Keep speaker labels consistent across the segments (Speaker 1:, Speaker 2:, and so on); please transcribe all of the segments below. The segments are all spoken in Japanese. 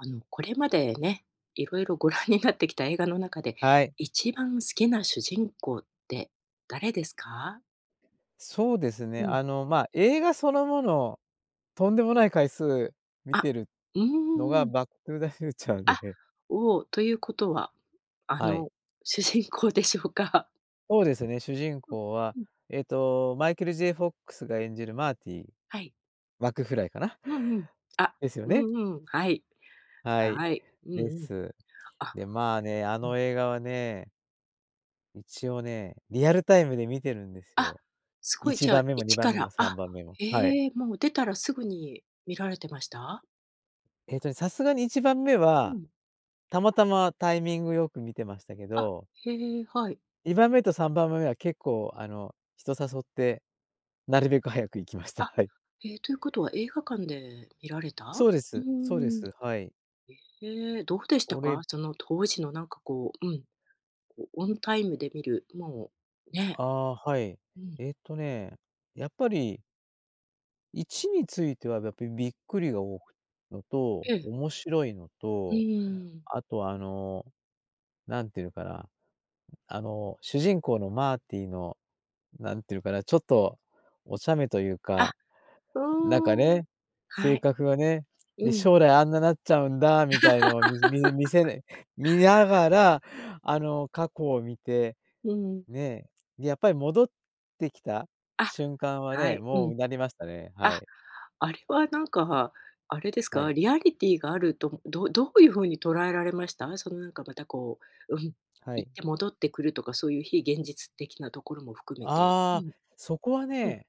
Speaker 1: あのこれまで、ね、いろいろご覧になってきた映画の中で、
Speaker 2: はい。
Speaker 1: 一番好きな主人公って誰ですか？
Speaker 2: そうですね。
Speaker 1: うん。
Speaker 2: あの、まあ映画そのもの、とんでもない回数見
Speaker 1: あ、
Speaker 2: てる
Speaker 1: うんうんう
Speaker 2: の
Speaker 1: んうん
Speaker 2: が
Speaker 1: うん。
Speaker 2: バック・トゥー・ザ・フューチャー
Speaker 1: あ、
Speaker 2: で
Speaker 1: おお、ということは、あ
Speaker 2: はい。
Speaker 1: の、主人公でしょうか？
Speaker 2: そうですね、主人
Speaker 1: あ、
Speaker 2: 公は、
Speaker 1: うん。
Speaker 2: えっと、マイケル・ J・ フォックスが演じるマーティー・
Speaker 1: はい。
Speaker 2: マクフライかな？
Speaker 1: うんうん、あ、
Speaker 2: ですよ
Speaker 1: う
Speaker 2: ね？
Speaker 1: んうんはい。
Speaker 2: は
Speaker 1: あ、
Speaker 2: い、
Speaker 1: はい、うんう
Speaker 2: で
Speaker 1: ん。
Speaker 2: す。
Speaker 1: あ
Speaker 2: で、まあね、あ
Speaker 1: うん。
Speaker 2: の映画はね一応ね、リアルタイムで見てるんです
Speaker 1: あ、
Speaker 2: よ。
Speaker 1: す
Speaker 2: い
Speaker 1: ごい、
Speaker 2: ち
Speaker 1: じゃ
Speaker 2: ば
Speaker 1: あ、
Speaker 2: んめも
Speaker 1: い
Speaker 2: に
Speaker 1: ち
Speaker 2: ばん
Speaker 1: か
Speaker 2: めも
Speaker 1: ら
Speaker 2: さん
Speaker 1: あ、
Speaker 2: ばんめも、はい。
Speaker 1: ええ、もう出たらすぐに見られてました？
Speaker 2: えっとね、さすがに1番目
Speaker 1: う
Speaker 2: は、
Speaker 1: ん。
Speaker 2: たまたまタイミングよく見てましたけ
Speaker 1: あ、
Speaker 2: ど
Speaker 1: へえ、はい。
Speaker 2: 2番目と3番目は結構、あの、人誘って、なるべく早く行きました。
Speaker 1: あ、
Speaker 2: はい。
Speaker 1: え、ということは、映画館で見られ
Speaker 2: そ
Speaker 1: た？
Speaker 2: うで
Speaker 1: う
Speaker 2: す、そうで
Speaker 1: ん。
Speaker 2: す、はい。
Speaker 1: へえ、どうでした
Speaker 2: おれ
Speaker 1: か？その当時のなんかこううん、おオンタイムで見る、もう、ね
Speaker 2: ああ、はい。
Speaker 1: うん。
Speaker 2: えっとね、やっぱり1についてはだってびっくりがおおいのと、
Speaker 1: ええ。
Speaker 2: 面白いの
Speaker 1: うんう
Speaker 2: と、
Speaker 1: んうん。
Speaker 2: あとあの、なんて言うかなあの主人公のマーティのなんていうかな、ちょっとお茶目という
Speaker 1: あ、
Speaker 2: か
Speaker 1: う
Speaker 2: なんか
Speaker 1: ん。
Speaker 2: ね、
Speaker 1: は
Speaker 2: 性
Speaker 1: い、
Speaker 2: 格がね、
Speaker 1: う
Speaker 2: で、
Speaker 1: ん。
Speaker 2: 将来あんななっちゃうんだみたいのを、みみ見せ見ながら、
Speaker 1: うん。
Speaker 2: あの、過去を見て
Speaker 1: うん。
Speaker 2: ねでやっぱり戻ってきた
Speaker 1: あ、
Speaker 2: 瞬間は
Speaker 1: は
Speaker 2: ね、
Speaker 1: い、う
Speaker 2: も
Speaker 1: ん。
Speaker 2: う唸りましたね、は
Speaker 1: あ、
Speaker 2: い。
Speaker 1: あれはなんか、あれです
Speaker 2: はい。
Speaker 1: か？リアリティーがあるとどどういう風に捉えられました？そのなんかまたこう、うん、
Speaker 2: は
Speaker 1: 行
Speaker 2: い。
Speaker 1: って戻ってくるとかそういう非現実的なところも含めて。う
Speaker 2: ああ、
Speaker 1: ん。
Speaker 2: そこは
Speaker 1: うん。
Speaker 2: ね、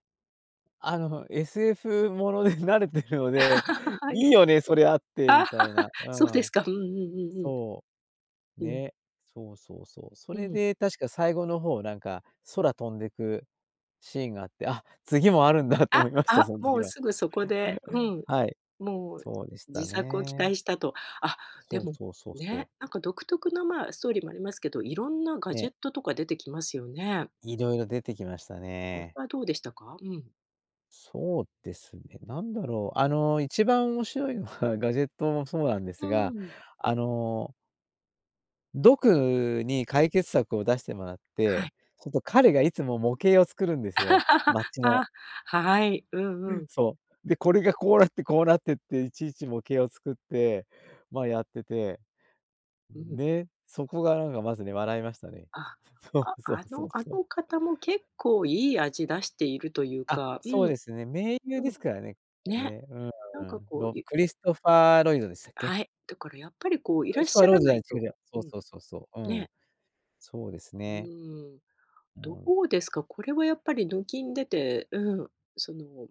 Speaker 2: あの、SF もので慣れてるので、
Speaker 1: は
Speaker 2: 「いい
Speaker 1: い。
Speaker 2: よね、それあって」
Speaker 1: あ
Speaker 2: みたいな。う
Speaker 1: そうです
Speaker 2: ん、
Speaker 1: か。うんうんうんうん。
Speaker 2: そう。
Speaker 1: うん。
Speaker 2: ね、そうそうそう。そ
Speaker 1: う
Speaker 2: れ
Speaker 1: ん。
Speaker 2: で確か最後の方なんか、空飛んでくシーンがあって、「あ、次もあるんだ」と思
Speaker 1: あ、
Speaker 2: いました、
Speaker 1: あ、
Speaker 2: そん
Speaker 1: も
Speaker 2: 時
Speaker 1: う
Speaker 2: は。
Speaker 1: すぐそこで、うん、
Speaker 2: はい、
Speaker 1: もう
Speaker 2: そうでした
Speaker 1: 次作を期
Speaker 2: ね。
Speaker 1: 待したと。あ、で
Speaker 2: そう、
Speaker 1: も
Speaker 2: そう、そう、そう。
Speaker 1: ね、なんか独特の、まあストーリーもありますけど、いろんなガ
Speaker 2: え
Speaker 1: ジ
Speaker 2: え。
Speaker 1: ェットとか出てきますよね。
Speaker 2: 色々出てきました
Speaker 1: おれ
Speaker 2: ね。
Speaker 1: はどうでしたか？うん。
Speaker 2: そうですね、なんだろう。あの、一番面白いのは、ガジェットもそうなんで
Speaker 1: う
Speaker 2: すが、
Speaker 1: ーん。
Speaker 2: あのドクに解決策を出してもらっ
Speaker 1: はい。
Speaker 2: て、ちょっと彼がいつも模型を作るんですよ、町の。
Speaker 1: あ、はい。う
Speaker 2: う
Speaker 1: んう
Speaker 2: ん、
Speaker 1: ん。
Speaker 2: そう。で、これがこうなってこうなってって、いちいち模型を作って、まあ、やってて。
Speaker 1: うん。
Speaker 2: ね、そこがなんかまずね、笑いましたね。
Speaker 1: あ、
Speaker 2: そ
Speaker 1: あ
Speaker 2: うそ
Speaker 1: あ
Speaker 2: うそ
Speaker 1: の
Speaker 2: う
Speaker 1: あ
Speaker 2: そう。
Speaker 1: の方も結構いい味出しているという
Speaker 2: あ、
Speaker 1: か。う
Speaker 2: そう
Speaker 1: ん。
Speaker 2: ですね。名優
Speaker 1: う
Speaker 2: で
Speaker 1: ん、
Speaker 2: すからね。あ
Speaker 1: ね、
Speaker 2: ね、
Speaker 1: なん
Speaker 2: う
Speaker 1: か
Speaker 2: ん。
Speaker 1: こう
Speaker 2: ロ
Speaker 1: ゆ
Speaker 2: クリストファー・ロイドでしたっけ？
Speaker 1: はい。だからやっぱりこう、い
Speaker 2: ク
Speaker 1: ら
Speaker 2: リ
Speaker 1: っ
Speaker 2: ストファ
Speaker 1: し
Speaker 2: ー・
Speaker 1: ゃ
Speaker 2: ロ
Speaker 1: ら
Speaker 2: じ
Speaker 1: な
Speaker 2: ゃい
Speaker 1: い
Speaker 2: 違
Speaker 1: と
Speaker 2: じゃそ
Speaker 1: う
Speaker 2: う
Speaker 1: ん。
Speaker 2: そうそうそう。う
Speaker 1: ね。
Speaker 2: ん、そうです
Speaker 1: う
Speaker 2: ね。
Speaker 1: ーん。
Speaker 2: う
Speaker 1: ど
Speaker 2: ん。
Speaker 1: うですか、これはやっぱり、どきん出て、うん。その、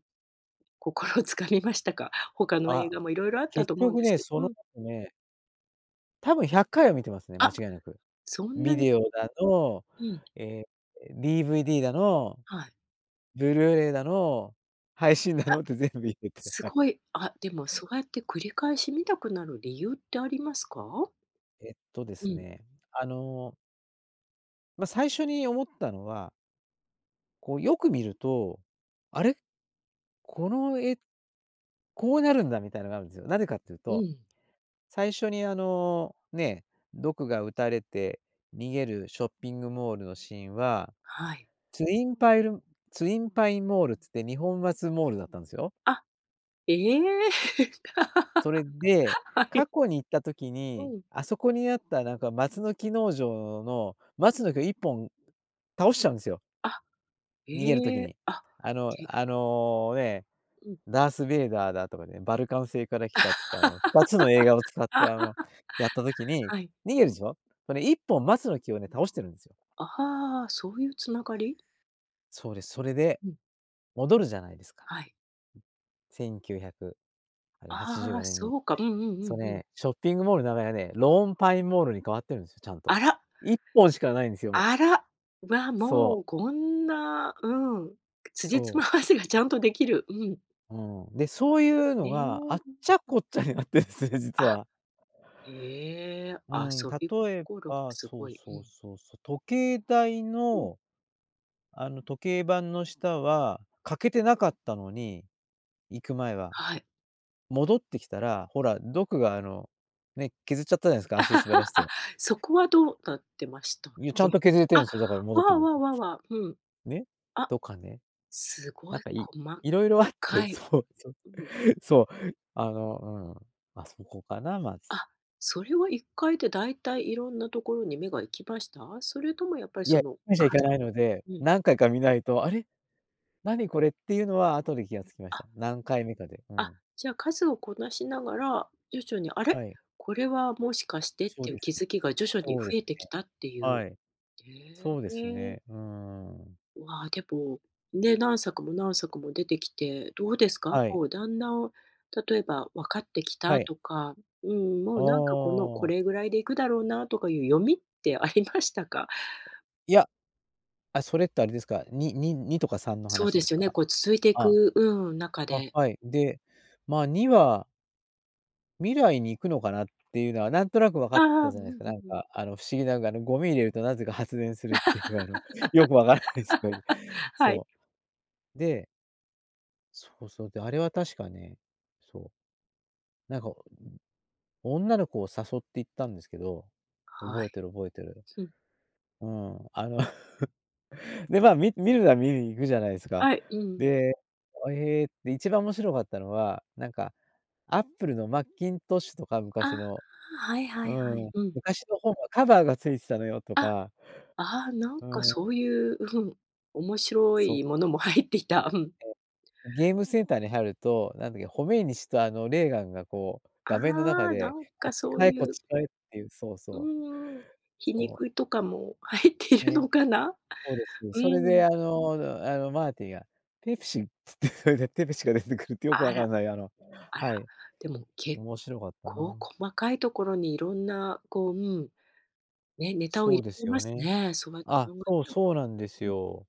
Speaker 1: 心を掴みましたか？他の
Speaker 2: あ、
Speaker 1: 映画も色々あった
Speaker 2: 結
Speaker 1: と思うん
Speaker 2: 局
Speaker 1: です
Speaker 2: ね、
Speaker 1: けど
Speaker 2: その
Speaker 1: うん。
Speaker 2: 後ね多分100回は観てますね、間違
Speaker 1: あ！
Speaker 2: いなく。
Speaker 1: そんな
Speaker 2: ビ
Speaker 1: に
Speaker 2: デオだの、
Speaker 1: うん。
Speaker 2: ええ、DVD だの、
Speaker 1: はい。
Speaker 2: ブルーレイだの、配信だ
Speaker 1: あ。
Speaker 2: のって全部入れて。
Speaker 1: す
Speaker 2: はい。
Speaker 1: ごい。あ、でもそうやって繰り返し観たくなる理由ってありますか？
Speaker 2: えっと、で
Speaker 1: う
Speaker 2: す
Speaker 1: ん。
Speaker 2: ね。あのま、最初に思ったのはこう、よく見ると、あれ？この、絵、こうなるんだみたいなのがあるんずよ。なでかっていう
Speaker 1: う
Speaker 2: と、
Speaker 1: ん。
Speaker 2: 最初に、あの、ね、ドクが撃たれて逃げるショッピングモールのシーンは、
Speaker 1: はい。
Speaker 2: ツインパイルツインパインモールつって、2本松モールだったんすよ。
Speaker 1: あ、ええ！
Speaker 2: それで、
Speaker 1: はい。
Speaker 2: 過去に行った時
Speaker 1: う
Speaker 2: に、
Speaker 1: ん。
Speaker 2: あそこにあった、なんか、松の木農場の松の木を1本倒しちゃうんですよ。
Speaker 1: あ、
Speaker 2: 逃げる時
Speaker 1: ええ。
Speaker 2: に。
Speaker 1: あ、
Speaker 2: あの
Speaker 1: じぇ
Speaker 2: あの、ね、
Speaker 1: うん。
Speaker 2: ダースベイダーだとかね、バルカン星から来たっつって、あの、2つの映画を使っ て、あの、
Speaker 1: は
Speaker 2: やった時に、
Speaker 1: い。
Speaker 2: 逃げるでしょ。これ、1本松の木をね、倒してるんですよ。
Speaker 1: ああ、そういう繋がり？
Speaker 2: そうです。それで、
Speaker 1: うん。
Speaker 2: 戻るじゃないですか。
Speaker 1: はい。
Speaker 2: 1900あれはちじゅう
Speaker 1: あ
Speaker 2: ご
Speaker 1: あ、
Speaker 2: ねん
Speaker 1: そ
Speaker 2: に。
Speaker 1: うか。うんうんう
Speaker 2: そう
Speaker 1: んうん。
Speaker 2: ね、ショッピングモールの名前はね、ローンパインモールに変わってるんですよ、ちゃんと。
Speaker 1: あら。
Speaker 2: 1本しかないんですよ、もう。
Speaker 1: あら、わ、
Speaker 2: そう。
Speaker 1: もう、こんなうん。く辻
Speaker 2: そ
Speaker 1: 褄
Speaker 2: う。
Speaker 1: 合わせがちゃんとできる、うん。
Speaker 2: うん。で、そういうの
Speaker 1: れえ、
Speaker 2: が、あ
Speaker 1: う
Speaker 2: っ
Speaker 1: ん。
Speaker 2: ちゃこっちゃになってですね、実
Speaker 1: あ、
Speaker 2: は。
Speaker 1: へえ、
Speaker 2: うん。
Speaker 1: 遊び
Speaker 2: 例え
Speaker 1: 心が
Speaker 2: ば、
Speaker 1: す
Speaker 2: そ
Speaker 1: ご
Speaker 2: う、
Speaker 1: い、う
Speaker 2: そう、
Speaker 1: ん。
Speaker 2: そう、そう。時計台
Speaker 1: うん。
Speaker 2: の、あの時計盤の下は欠けてなかったのに、行く前は。
Speaker 1: はい。
Speaker 2: 戻ってきたら、ほら、ドクがあの、ね、削っちゃったじゃないですか、足滑ら せ
Speaker 1: あ、
Speaker 2: て
Speaker 1: そこは、どうなってましたっ
Speaker 2: いや、ちゃんと
Speaker 1: け？
Speaker 2: 削れて
Speaker 1: あ、
Speaker 2: るんですよ、だから戻っ
Speaker 1: わ
Speaker 2: て
Speaker 1: あ
Speaker 2: くる
Speaker 1: わ
Speaker 2: と
Speaker 1: あわあわあ、うん。
Speaker 2: ね、
Speaker 1: あ、
Speaker 2: とかね。
Speaker 1: す
Speaker 2: な
Speaker 1: ご
Speaker 2: ん
Speaker 1: い
Speaker 2: か、い
Speaker 1: 細
Speaker 2: 色々あって、
Speaker 1: かい、
Speaker 2: そう、そう、
Speaker 1: うん。
Speaker 2: そう。あの、うん。ま、そこかなまず。
Speaker 1: あ、それは1回で大体色んなところに目が行きました？それとも、やっぱり、
Speaker 2: いや、
Speaker 1: そ
Speaker 2: いっ
Speaker 1: の、
Speaker 2: かいしかいかないので、
Speaker 1: うん。
Speaker 2: 何回か見ないと、あれ？何これっていうのは、後で気が付きました。
Speaker 1: あ。
Speaker 2: 何回目かで、う
Speaker 1: あ、
Speaker 2: ん。
Speaker 1: じゃあ、数をこなしながら、徐々に、あ
Speaker 2: は
Speaker 1: れ、
Speaker 2: い。
Speaker 1: これはもしかしてっ
Speaker 2: そう
Speaker 1: ていう
Speaker 2: で
Speaker 1: 気
Speaker 2: す。
Speaker 1: づきが、徐々に
Speaker 2: そうで
Speaker 1: 増
Speaker 2: す
Speaker 1: えてき
Speaker 2: ね。
Speaker 1: たっていう。
Speaker 2: はい。
Speaker 1: へ
Speaker 2: そうです
Speaker 1: え。
Speaker 2: ね、うーん。
Speaker 1: うわ、でも、ね、何作も何作も出てきて、どうですか？
Speaker 2: はい。
Speaker 1: こう、だんだん、例えば分かってき
Speaker 2: は
Speaker 1: た
Speaker 2: い。
Speaker 1: とか、うーん、も
Speaker 2: あ
Speaker 1: うなんかこの、こ
Speaker 2: あ。
Speaker 1: れぐらいでいくだろうな、とかいう読みってありましたか？
Speaker 2: いや、あ、それって、あれですか、にに2とか3の
Speaker 1: そう
Speaker 2: 話
Speaker 1: で
Speaker 2: です
Speaker 1: すよね。
Speaker 2: か？
Speaker 1: こう、続いてい
Speaker 2: あ、
Speaker 1: くうん、中
Speaker 2: あ、
Speaker 1: で
Speaker 2: はい、で、まあ、2は未来に行くのかなっていうのは、なんとなく分かっ
Speaker 1: あ
Speaker 2: て
Speaker 1: あ、
Speaker 2: た
Speaker 1: う
Speaker 2: じ
Speaker 1: ん
Speaker 2: ゃないですか。
Speaker 1: う
Speaker 2: なん
Speaker 1: んうん。
Speaker 2: か、あの不思議なのが、あのゴミ入れると、何故か発電する っていう、あのよく分からないですね。
Speaker 1: はい。
Speaker 2: そう。でそうそう、で、あれは確かね、そう。なんか、女の子を誘って行ったんですけど、
Speaker 1: は
Speaker 2: 覚えて
Speaker 1: い、
Speaker 2: る覚えてる。
Speaker 1: ふん。
Speaker 2: うん。あの、で、まあ、みみるなら、みるに行くじゃないですか。
Speaker 1: はい、うんうんうん。
Speaker 2: で、あえ、で、一番面白かったのは、なんか、アップルのマッキントッシュとか
Speaker 1: あ、
Speaker 2: 昔の
Speaker 1: はいは
Speaker 2: う
Speaker 1: いはい、
Speaker 2: ん、
Speaker 1: うん。
Speaker 2: 昔の本はカバーが付いてたのよ！と
Speaker 1: あ、
Speaker 2: か
Speaker 1: ああ、なん
Speaker 2: う
Speaker 1: か
Speaker 2: ん。
Speaker 1: そういう、うん、面白
Speaker 2: そう。
Speaker 1: いものも入っていた。うん。
Speaker 2: ゲームセンターに入ると、何だっけ、ホメイニ師と、あの、レーガンが、こう
Speaker 1: あ
Speaker 2: 画面の中
Speaker 1: あ、な
Speaker 2: で、
Speaker 1: ん
Speaker 2: 「こ
Speaker 1: か
Speaker 2: っち
Speaker 1: そう
Speaker 2: 買え、
Speaker 1: い
Speaker 2: こっ
Speaker 1: う
Speaker 2: ち買え」って言う。そう
Speaker 1: う
Speaker 2: そう。
Speaker 1: んうん。皮
Speaker 2: そう。
Speaker 1: 肉とかも入っている
Speaker 2: ね、
Speaker 1: のかな？
Speaker 2: そうです。
Speaker 1: う
Speaker 2: それで、
Speaker 1: ん。
Speaker 2: あのあの、マーティンが、ペプシ、つって、それでペプシが出てくるって、よく
Speaker 1: あら、
Speaker 2: 分んない。あの、
Speaker 1: あら。
Speaker 2: はい
Speaker 1: でも、結
Speaker 2: 面白かった
Speaker 1: 構
Speaker 2: な。
Speaker 1: 細かいところに、色んな、こう、うん。ね、ネタを
Speaker 2: そ
Speaker 1: 入
Speaker 2: うで
Speaker 1: れ
Speaker 2: す
Speaker 1: てま
Speaker 2: よ
Speaker 1: す
Speaker 2: ね。
Speaker 1: ね、そう る
Speaker 2: あ、そう
Speaker 1: と。
Speaker 2: そうなんです
Speaker 1: うん。
Speaker 2: よ。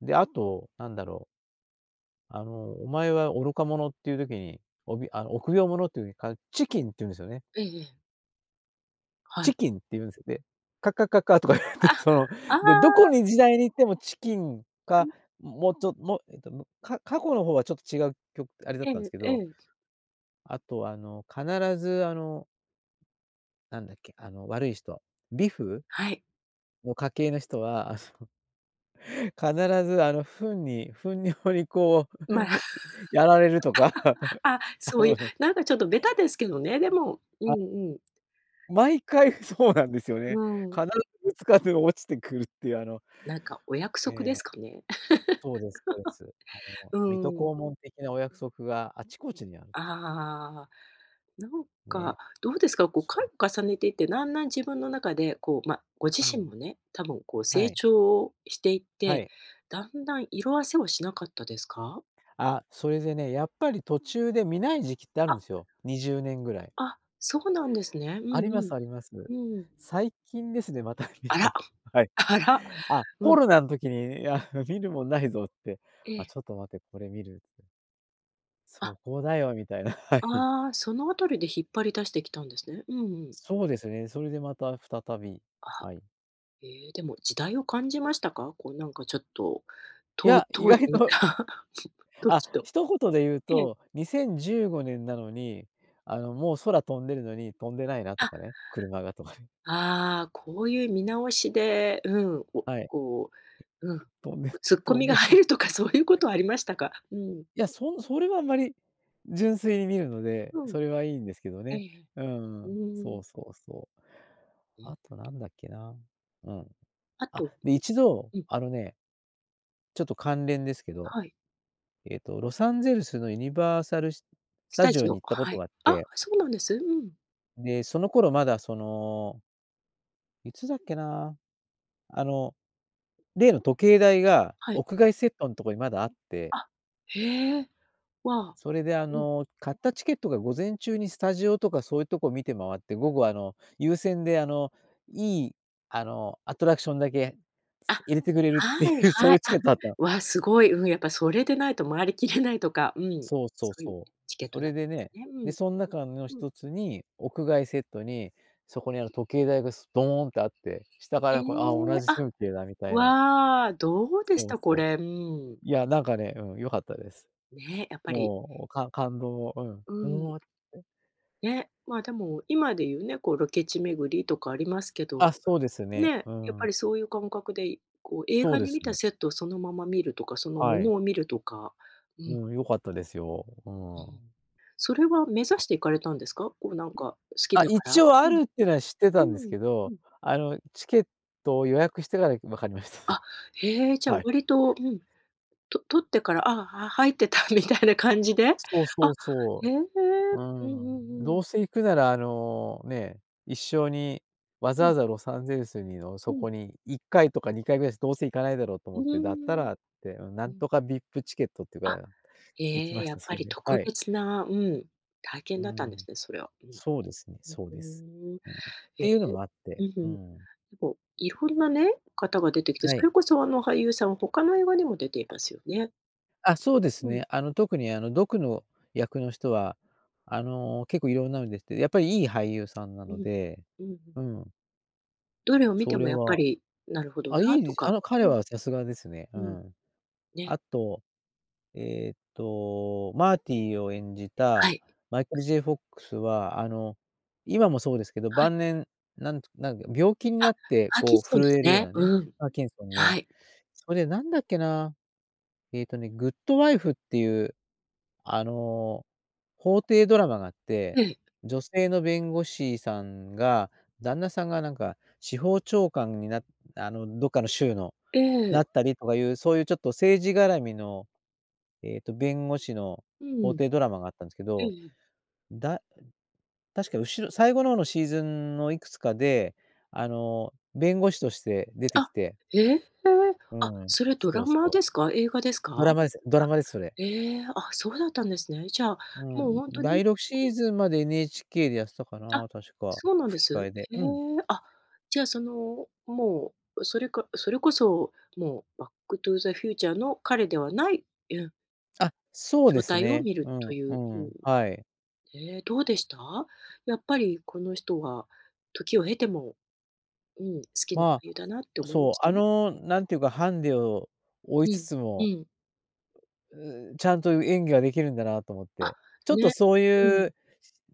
Speaker 2: で、あと、何だろうあの、お前は愚か者っていう時に、おびあの、臆病者というか、chicken って言うんですよね。
Speaker 1: ええええ。はい。
Speaker 2: chicken って言うんす、で「カ、カ、カ、カ」とか言われて、
Speaker 1: あ。
Speaker 2: その。
Speaker 1: あ
Speaker 2: で、どこ
Speaker 1: あ。
Speaker 2: に時代に行ってもチキン
Speaker 1: う
Speaker 2: か、
Speaker 1: ん。
Speaker 2: ももうちょっもうえっと、むか過去の方はちょっと違うきょあれだっ
Speaker 1: え
Speaker 2: たんです
Speaker 1: え
Speaker 2: け
Speaker 1: え
Speaker 2: ど
Speaker 1: え。
Speaker 2: あとあの、必ずあのなんだっけ、あの悪い人、ビフ？
Speaker 1: はい。
Speaker 2: の家系の人は、あっそ必ずあの糞に、糞尿にこう
Speaker 1: まあ。
Speaker 2: やられるとか、
Speaker 1: あ。
Speaker 2: あ
Speaker 1: そうい
Speaker 2: の
Speaker 1: う、
Speaker 2: ね。
Speaker 1: なんかちょっとベタですけどね。でもう
Speaker 2: あ。
Speaker 1: んうん。
Speaker 2: 毎回そうなんですよ
Speaker 1: う
Speaker 2: ね。
Speaker 1: ーん。
Speaker 2: 必ずぶつかって、落ちてくるっていう、あの
Speaker 1: なんかお約
Speaker 2: え
Speaker 1: 束で
Speaker 2: え。
Speaker 1: すかね。
Speaker 2: そうですそうです。あ の
Speaker 1: う
Speaker 2: 水
Speaker 1: ー
Speaker 2: 戸黄
Speaker 1: ん。
Speaker 2: 門的なお約束があちこちにあるって...
Speaker 1: ああ。なんか
Speaker 2: ね。
Speaker 1: どうですか。こう
Speaker 2: そ
Speaker 1: 回を
Speaker 2: う。
Speaker 1: 重ねていって、だんだん自分の中でこう、ま、ご自
Speaker 2: う
Speaker 1: 身
Speaker 2: ん。
Speaker 1: もね、多分こう
Speaker 2: は
Speaker 1: 成
Speaker 2: い。
Speaker 1: 長をしていっ
Speaker 2: は
Speaker 1: て、
Speaker 2: い。
Speaker 1: だんだん色褪せはしなかったですか？
Speaker 2: あ、それでね、やっぱり途中で観ない時期ってあるん
Speaker 1: あ。
Speaker 2: ですよ、20年ぐらい。
Speaker 1: あ。そうなんですね。うん
Speaker 2: ありま
Speaker 1: う
Speaker 2: す
Speaker 1: ん。
Speaker 2: あります。
Speaker 1: うーん。
Speaker 2: 最近ですね、また観
Speaker 1: あ
Speaker 2: た
Speaker 1: ら。
Speaker 2: の、はい。
Speaker 1: あら。
Speaker 2: あ、
Speaker 1: う
Speaker 2: コ
Speaker 1: ん。
Speaker 2: ロナの時に「いや、あの、観るもんないぞ」って、
Speaker 1: え
Speaker 2: あ、
Speaker 1: え。
Speaker 2: ちょっと待って、これ観るって。そ
Speaker 1: あ。
Speaker 2: こだよみたいな。はい。
Speaker 1: ああ、その辺りで引っ張り出してきたんですね。うんうん。
Speaker 2: そうですね、それでまた再び。
Speaker 1: あ。
Speaker 2: はい。
Speaker 1: ええ、でも時代を感じましたか？こうなんかちょっと、
Speaker 2: い
Speaker 1: とう
Speaker 2: や、意
Speaker 1: 当時
Speaker 2: 外と
Speaker 1: 観た
Speaker 2: あ、
Speaker 1: 時と。
Speaker 2: 一言で言う
Speaker 1: ええ。
Speaker 2: と2015年なのにあの、もう空飛んでるのに、飛んでないなと
Speaker 1: あ。
Speaker 2: かね、車がとか。
Speaker 1: ああ、こういう見直しでうん、お
Speaker 2: はい。
Speaker 1: こううん、
Speaker 2: 飛んで
Speaker 1: こうツッコ
Speaker 2: 飛ん
Speaker 1: ミ
Speaker 2: で
Speaker 1: が
Speaker 2: ない。うい
Speaker 1: 入るとかそういうことはありましたか？うん。
Speaker 2: や、そんそれはあんまり。純粋に観るので
Speaker 1: うん、
Speaker 2: それはいいんですけど
Speaker 1: ええ
Speaker 2: ね。
Speaker 1: ええ。
Speaker 2: うー
Speaker 1: う
Speaker 2: ん、
Speaker 1: ー
Speaker 2: そ
Speaker 1: ん。
Speaker 2: うそうそう。
Speaker 1: ん。
Speaker 2: あと何だっけなうん。
Speaker 1: あ
Speaker 2: あ、
Speaker 1: と。
Speaker 2: で、い ちど、
Speaker 1: うん。
Speaker 2: あのねちょっと関連ですけど
Speaker 1: はい。
Speaker 2: えっと、ロサンゼルスのユニバーサルし、ス
Speaker 1: ス
Speaker 2: タ
Speaker 1: タ
Speaker 2: ジオ
Speaker 1: ジ
Speaker 2: に
Speaker 1: オ、
Speaker 2: 行ったこ
Speaker 1: は
Speaker 2: と
Speaker 1: い。
Speaker 2: があっ
Speaker 1: あ、
Speaker 2: て
Speaker 1: そうなんです。うん。
Speaker 2: で、その頃まだそのいつだっけな。あの例の時計台が、
Speaker 1: はい。
Speaker 2: 屋外セットんとこにまだあって
Speaker 1: あ。へえ。わあ。
Speaker 2: それであ
Speaker 1: うん。
Speaker 2: の、買ったチケットが午前中にスタジオとかそういうとこ見て回って、午後あの、優先で、あの、いい、あの、アトラクションだけ
Speaker 1: あ。
Speaker 2: 入れてくれるって
Speaker 1: はい
Speaker 2: いう、そう
Speaker 1: は
Speaker 2: い
Speaker 1: い。
Speaker 2: うチケ
Speaker 1: あ、
Speaker 2: ットだった。
Speaker 1: わ、すごい。うん、やっぱそれでないと回り切れないとかうん。
Speaker 2: そうそう
Speaker 1: そういう
Speaker 2: そう。
Speaker 1: チケッ
Speaker 2: そ
Speaker 1: トだっ
Speaker 2: れ
Speaker 1: た
Speaker 2: で
Speaker 1: んです
Speaker 2: ね、
Speaker 1: ね。う
Speaker 2: で、
Speaker 1: ん。
Speaker 2: そん中の
Speaker 1: うん。
Speaker 2: 一つに屋外セットに、そこにある時計台が、すとーんってあって、下か
Speaker 1: え。
Speaker 2: らこう、ああ同じ
Speaker 1: あ。
Speaker 2: 風景だみたいな
Speaker 1: わあ、どうでし
Speaker 2: そう
Speaker 1: た、こ
Speaker 2: そう。
Speaker 1: れ、うーん。
Speaker 2: いや、なんかねうん、良かったです。
Speaker 1: ね、やっぱり。
Speaker 2: もう、かん感動を
Speaker 1: う
Speaker 2: う
Speaker 1: ん。
Speaker 2: ん。
Speaker 1: ね、まあ、でも、今で言うね、こうロケ地巡りとかありますけど
Speaker 2: あ、そうですね。
Speaker 1: ね、
Speaker 2: うー
Speaker 1: やっぱ
Speaker 2: ん。
Speaker 1: りそういう感覚でいこう映
Speaker 2: そ
Speaker 1: 画
Speaker 2: うで
Speaker 1: に
Speaker 2: す
Speaker 1: 観た
Speaker 2: よ。
Speaker 1: セットをそのまま見るとか、その
Speaker 2: は
Speaker 1: もの
Speaker 2: い。
Speaker 1: を見るとか。うん。
Speaker 2: うん、良かったですよ。う
Speaker 1: うー
Speaker 2: ー
Speaker 1: ん。
Speaker 2: ん。
Speaker 1: それは目指
Speaker 2: あ。
Speaker 1: して行かれたんですか？こうなんか好き
Speaker 2: あ、
Speaker 1: だか
Speaker 2: 一
Speaker 1: ら？
Speaker 2: 応あ
Speaker 1: うん。
Speaker 2: るっていうのは知って
Speaker 1: う
Speaker 2: たんです
Speaker 1: ーん、
Speaker 2: け
Speaker 1: う
Speaker 2: ど、
Speaker 1: ん。
Speaker 2: あのチケットを予約してからいく分かりまし
Speaker 1: あ、へえ、じ
Speaker 2: た。
Speaker 1: ゃ
Speaker 2: はい。
Speaker 1: 割とうん、と取ってから、ああ、は入ってたみたいな感じで？
Speaker 2: そう
Speaker 1: あ、
Speaker 2: そう
Speaker 1: へ
Speaker 2: そ
Speaker 1: え。
Speaker 2: う。う
Speaker 1: うんう
Speaker 2: ーん。
Speaker 1: んう
Speaker 2: ど
Speaker 1: ん。
Speaker 2: うせ行くなら、あの、ね、一生に、わざ
Speaker 1: う
Speaker 2: わ
Speaker 1: ん。
Speaker 2: ざロサンゼルスにの
Speaker 1: う
Speaker 2: そ
Speaker 1: ん。
Speaker 2: こに、1回とか2回ぐらいしどうせ行かないだろうと
Speaker 1: う
Speaker 2: 思って。だった
Speaker 1: ーん。
Speaker 2: らって、な
Speaker 1: う
Speaker 2: ん
Speaker 1: ん。
Speaker 2: とかVIPチケットっていう
Speaker 1: あ。
Speaker 2: か 行き
Speaker 1: ええ。
Speaker 2: まし
Speaker 1: や
Speaker 2: た、
Speaker 1: っ
Speaker 2: そ
Speaker 1: ぱ
Speaker 2: れ
Speaker 1: り
Speaker 2: で。
Speaker 1: 特
Speaker 2: はい。
Speaker 1: 別なうん、体
Speaker 2: う
Speaker 1: 験
Speaker 2: ー
Speaker 1: だったんで
Speaker 2: ん。
Speaker 1: すね、それは。うん。
Speaker 2: そうですね
Speaker 1: ふ
Speaker 2: そう
Speaker 1: ふー
Speaker 2: です。
Speaker 1: ん。
Speaker 2: うん、っ
Speaker 1: へ
Speaker 2: て
Speaker 1: え、
Speaker 2: いうのもあっ
Speaker 1: う
Speaker 2: て、うー
Speaker 1: ん。で
Speaker 2: ん。
Speaker 1: も色んなね、方が出てきて、
Speaker 2: は
Speaker 1: そ
Speaker 2: い。
Speaker 1: れこそあの俳優さんは、他の映画にも出ていますよね。
Speaker 2: あ、そうです
Speaker 1: うん。
Speaker 2: ね。あの、特にあの、ドクの役の人は、あの結構いろんなの出てて、やっぱりいい俳優さんな
Speaker 1: う
Speaker 2: の
Speaker 1: ん。
Speaker 2: で
Speaker 1: うんう
Speaker 2: う
Speaker 1: ん。
Speaker 2: ん。
Speaker 1: どれを見
Speaker 2: そ
Speaker 1: て
Speaker 2: れ
Speaker 1: もやっぱ
Speaker 2: は
Speaker 1: り、なるほど
Speaker 2: あ、い
Speaker 1: な
Speaker 2: い
Speaker 1: と
Speaker 2: であ
Speaker 1: か
Speaker 2: の、
Speaker 1: う
Speaker 2: 彼
Speaker 1: ん。
Speaker 2: はさすがですね、う
Speaker 1: うん。
Speaker 2: ん。
Speaker 1: ね。
Speaker 2: あと、えっとマーティを演じた
Speaker 1: はい。
Speaker 2: マイケル・ J・ フォックスはあの、今もそうですけど、
Speaker 1: はい。
Speaker 2: 晩年、なんなんか病気に
Speaker 1: あ、
Speaker 2: なって、
Speaker 1: パーキン
Speaker 2: こう
Speaker 1: ソンで
Speaker 2: 震
Speaker 1: す
Speaker 2: えるよう
Speaker 1: ね。
Speaker 2: なね、
Speaker 1: うん。
Speaker 2: パーキンソン
Speaker 1: は
Speaker 2: ね。
Speaker 1: い。
Speaker 2: それ、何だっけな、えっとね、グッド・ワイフっていう、あの、法廷ドラマがあって、
Speaker 1: ええ。
Speaker 2: 女性の弁護士さんが旦那さんがなんか、司法長官になあの、どっかの州のな
Speaker 1: ええ。
Speaker 2: ったりとかいうそういうちょっと政治がらみの、ええと弁護士の
Speaker 1: うん。
Speaker 2: 法廷ドラマがあったんですけ
Speaker 1: うん
Speaker 2: ど、
Speaker 1: うん。
Speaker 2: だ確か後ろ最後の方のシーズンのいくつかで、あの、弁護士として出てき
Speaker 1: あ、
Speaker 2: て
Speaker 1: ええ？
Speaker 2: う
Speaker 1: あ、
Speaker 2: ん、
Speaker 1: それド
Speaker 2: そ
Speaker 1: ラ
Speaker 2: う、そ
Speaker 1: マ
Speaker 2: う。
Speaker 1: ですか？映画ですか？
Speaker 2: ドラマです。ド
Speaker 1: あ、
Speaker 2: ラマです、それ。
Speaker 1: ええ、あ、そうだったんですね。じゃあ、
Speaker 2: う
Speaker 1: もう
Speaker 2: ん、
Speaker 1: ほんと
Speaker 2: だ
Speaker 1: に
Speaker 2: いろくシーズンまで NHK でやってたか
Speaker 1: あ、
Speaker 2: な、確か
Speaker 1: そうなんで
Speaker 2: 吹き替
Speaker 1: す？
Speaker 2: えで、
Speaker 1: へえ。
Speaker 2: うん。
Speaker 1: あ、じゃあその、もう、それかそれこそもう、バック・トゥ・ザ・フューチャーの彼ではないうん。
Speaker 2: あ、そうで
Speaker 1: 状
Speaker 2: す
Speaker 1: 態を
Speaker 2: ね。
Speaker 1: 見る
Speaker 2: う
Speaker 1: と
Speaker 2: ん、
Speaker 1: いう。
Speaker 2: う
Speaker 1: うん。
Speaker 2: ん、はい。
Speaker 1: ええ、どうでした？やっぱりこの人は時を経ても、うん、好きな俳
Speaker 2: ま
Speaker 1: 優だなって
Speaker 2: あ、
Speaker 1: 思いま
Speaker 2: そ
Speaker 1: し
Speaker 2: う、
Speaker 1: た？
Speaker 2: あの、なんていうかハンデを負
Speaker 1: う
Speaker 2: いつ
Speaker 1: ん
Speaker 2: つ
Speaker 1: う
Speaker 2: も
Speaker 1: ん。
Speaker 2: んちゃんと演技ができるんだなと思っ
Speaker 1: あ、
Speaker 2: て、ちょっと
Speaker 1: ね、
Speaker 2: そう
Speaker 1: う
Speaker 2: い
Speaker 1: ん。
Speaker 2: う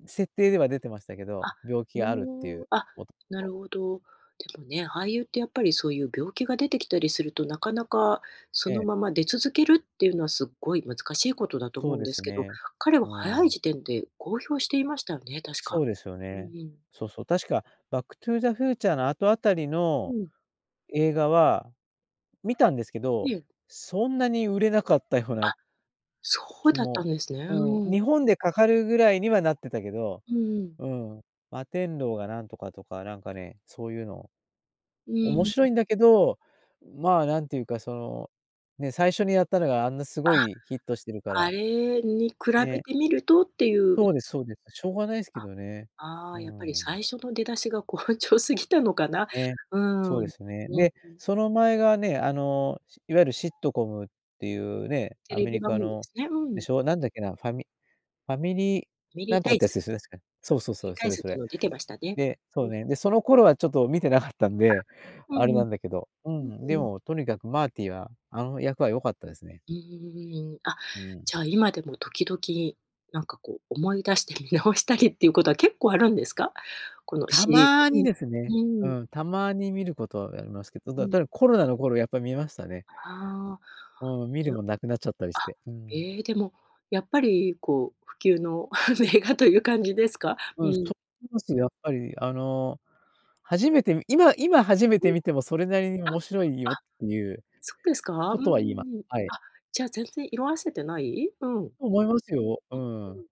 Speaker 2: 設定では出てましたけど、
Speaker 1: あ、
Speaker 2: 病気
Speaker 1: う
Speaker 2: があるってい
Speaker 1: お
Speaker 2: う。
Speaker 1: おあ、
Speaker 2: 元
Speaker 1: な
Speaker 2: 々。
Speaker 1: るほど。でもね、俳優ってやっぱりそういう病気が出てきたりすると、なかなか、そ
Speaker 2: え
Speaker 1: の
Speaker 2: え。
Speaker 1: まま出続けるっていうのはすっごい難しいことだと
Speaker 2: そう
Speaker 1: 思うん
Speaker 2: で
Speaker 1: で
Speaker 2: す
Speaker 1: すけど、
Speaker 2: ね。
Speaker 1: 彼
Speaker 2: う
Speaker 1: は早い
Speaker 2: ん。
Speaker 1: 時点で公表していましたよね、確か。
Speaker 2: そうですよ
Speaker 1: う
Speaker 2: ね。
Speaker 1: ん。
Speaker 2: そうそう、確かバックトゥーザフューチャーの後あたり
Speaker 1: う
Speaker 2: の
Speaker 1: ん。
Speaker 2: 映画は、見たんですけ
Speaker 1: え
Speaker 2: ど、
Speaker 1: え。
Speaker 2: そんなに売れなかったような
Speaker 1: あ、そう
Speaker 2: 気
Speaker 1: だった
Speaker 2: も、
Speaker 1: んですね。
Speaker 2: う
Speaker 1: う
Speaker 2: ん、
Speaker 1: ん。
Speaker 2: 日本でかかるぐらいにはなってたけど、
Speaker 1: うんうん。
Speaker 2: うん、摩天楼がなんとかとか、なんかね、そういうの、
Speaker 1: う
Speaker 2: 面
Speaker 1: ん。
Speaker 2: 白いんだけど、まあ、なんていうかその、ね、最初にやったのがあんなすご
Speaker 1: あ、
Speaker 2: いヒットしてるか
Speaker 1: あ
Speaker 2: ら。
Speaker 1: れに比べ
Speaker 2: ね。
Speaker 1: てみるとっていうね。
Speaker 2: そうですそうです。しょうがないすけ
Speaker 1: あ、
Speaker 2: どね。
Speaker 1: あ
Speaker 2: う
Speaker 1: あ、やっぱり
Speaker 2: ん。
Speaker 1: 最初の出だしが好調過ぎたのかな。
Speaker 2: ね、
Speaker 1: うん、
Speaker 2: そう
Speaker 1: う
Speaker 2: で
Speaker 1: ん。
Speaker 2: すね。で、その前がね、あの、しいわゆるシットコムっていうね、
Speaker 1: テ
Speaker 2: ア
Speaker 1: レ
Speaker 2: メ
Speaker 1: ビ
Speaker 2: リ
Speaker 1: 番
Speaker 2: カ
Speaker 1: 組で
Speaker 2: の
Speaker 1: すね。う
Speaker 2: で
Speaker 1: ん。
Speaker 2: しょ、なんだっけな、ファミファミリー
Speaker 1: ファミリ
Speaker 2: な
Speaker 1: ー
Speaker 2: んと
Speaker 1: タ
Speaker 2: かっ
Speaker 1: イ
Speaker 2: てやつ
Speaker 1: ズ。
Speaker 2: ですよね確か。そうそう
Speaker 1: [unintelligible] ミ
Speaker 2: そ
Speaker 1: リ
Speaker 2: う、
Speaker 1: ー
Speaker 2: そ
Speaker 1: タイ
Speaker 2: れ
Speaker 1: ズっ
Speaker 2: そ
Speaker 1: ていう
Speaker 2: れ。
Speaker 1: の出てましたね。
Speaker 2: で、そ
Speaker 1: う
Speaker 2: う
Speaker 1: ん。
Speaker 2: ね、でその頃はちょっと見てなかったん
Speaker 1: あ、
Speaker 2: で、
Speaker 1: うん
Speaker 2: あれ
Speaker 1: うん。
Speaker 2: なんだけど、う
Speaker 1: うん
Speaker 2: ん、で
Speaker 1: うん。
Speaker 2: もとにかくマーティーは、あの役は良かったですね。
Speaker 1: うーん。あ、
Speaker 2: うん。
Speaker 1: じゃあ今でも時々、なんかこう、思い出して見直したりっていうことは結構あるんですか？この
Speaker 2: た
Speaker 1: シリー
Speaker 2: まに
Speaker 1: ズ。
Speaker 2: です
Speaker 1: う
Speaker 2: ね、
Speaker 1: ん、う
Speaker 2: う
Speaker 1: ーん。
Speaker 2: ん、たまに見ることはありますけど、そ
Speaker 1: う
Speaker 2: だ、
Speaker 1: ん。
Speaker 2: ただコロナの頃やっぱ見ましたね。
Speaker 1: ああ、
Speaker 2: うん、見る
Speaker 1: でお
Speaker 2: もんなくなっちゃったり
Speaker 1: あ、
Speaker 2: して。うん。
Speaker 1: ええ、でも、やっぱりこう不朽の名画という感じですか？う
Speaker 2: うん、そ
Speaker 1: ん。
Speaker 2: う思うしやっぱりあの、初めてみ今今初め
Speaker 1: う
Speaker 2: て
Speaker 1: ん。
Speaker 2: 見てもそれなりに
Speaker 1: あ、
Speaker 2: 面白いよっ
Speaker 1: あ。
Speaker 2: ていう、
Speaker 1: そうですか？
Speaker 2: こ
Speaker 1: うんう
Speaker 2: とは言います。
Speaker 1: んうん。
Speaker 2: はい。
Speaker 1: あ、じゃあ全然色褪せてない？うん、うん、
Speaker 2: と思いますよ、うん。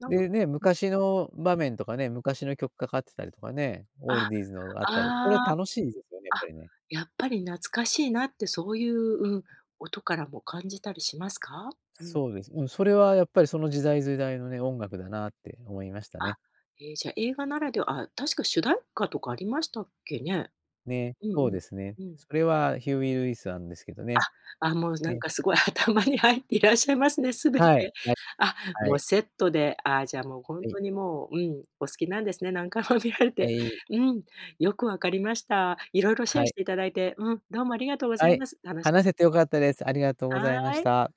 Speaker 1: なんか
Speaker 2: でね、
Speaker 1: うん。
Speaker 2: 昔の場面とかね、昔の曲かかってたりとかね、オ
Speaker 1: あ、
Speaker 2: ールディーズのがあったり、これ
Speaker 1: あ
Speaker 2: は
Speaker 1: あ、
Speaker 2: 楽しいですよね、やっぱ
Speaker 1: あ、
Speaker 2: りね。
Speaker 1: やっぱり懐かしいなってそういう、うん、音からも感じたりしますか？うん。
Speaker 2: そうです。うん、それはやっぱりその時代時代のね、音楽だなって思いました
Speaker 1: あ、
Speaker 2: ね。
Speaker 1: ええ、じゃあ映画ならであ、確か主題歌とかありましたっけね。
Speaker 2: ね、
Speaker 1: うんう
Speaker 2: そう
Speaker 1: ん。
Speaker 2: ですね。
Speaker 1: うん。
Speaker 2: それはヒューイルイスなんですけどね。
Speaker 1: あ、あ、もうなん
Speaker 2: ね。
Speaker 1: かすごい頭に入っていらっしゃいますね、全
Speaker 2: はい、
Speaker 1: て。
Speaker 2: ない、
Speaker 1: あ、
Speaker 2: は
Speaker 1: もう
Speaker 2: い。
Speaker 1: セットで、あ、じゃあもうほん
Speaker 2: はい。
Speaker 1: とにもう、うん、お好きなんですね、何回も見られ
Speaker 2: は
Speaker 1: て。
Speaker 2: い。
Speaker 1: うん、よく分かりました。色々シェ
Speaker 2: は
Speaker 1: ア
Speaker 2: い。
Speaker 1: して頂いて、うん、どうもありがとうござ
Speaker 2: は
Speaker 1: い
Speaker 2: い、
Speaker 1: ます。楽しか
Speaker 2: 話
Speaker 1: っ
Speaker 2: せて良かったです。ありがとうご
Speaker 1: た
Speaker 2: ざ
Speaker 1: で
Speaker 2: い
Speaker 1: す。
Speaker 2: ま
Speaker 1: は
Speaker 2: し
Speaker 1: い。
Speaker 2: た。